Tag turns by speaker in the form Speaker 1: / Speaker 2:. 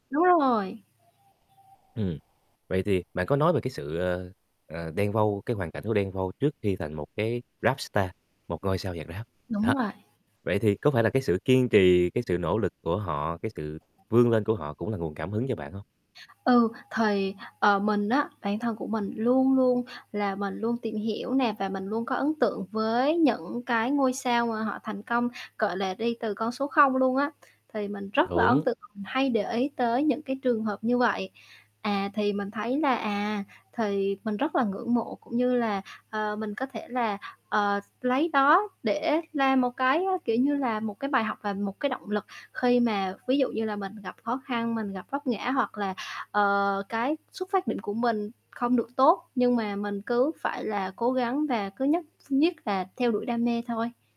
Speaker 1: Đúng rồi.
Speaker 2: Ừm, vậy thì bạn có nói về cái sự, ờ, ờ, Đen Vâu, cái hoàn cảnh của Đen Vâu trước khi thành một cái Rap star, một ngôi sao nhạc Rap,
Speaker 1: Đúng
Speaker 2: đó.
Speaker 1: rồi.
Speaker 2: Vậy thì có phải là cái sự kiên trì, cái sự nỗ lực của họ, cái sự vươn lên của họ cũng là nguồn cảm hứng cho bạn hông?
Speaker 1: Ừ, thì, ờ, mình á, bản thân của mình luôn luôn là mình luôn tìm hiểu nè và mình luôn có ấn tượng với những cái ngôi sao mà họ thành công, gọi là, đi từ con số không luôn á, thì mình rất là ấn
Speaker 2: Đúng.
Speaker 1: tượng và mình hay để ý tới những cái trường hợp như vậy. À, thì mình thấy là, à, thì mình rất là ngưỡng mộ cũng như là, ờ, mình có thể là, ờ, s lấy đó để làm một cái, à, kiểu như, là một cái bài học và một cái động lực khi mà ví dụ như là mình gặp khó khăn, mình gặp vấp ngã hoặc là, ờ, cái xuất phát điểm của mình không được tốt nhưng mà mình cứ phải là cố gắng và cứ nhất ph nhất là theo đuổi đam mê thôi.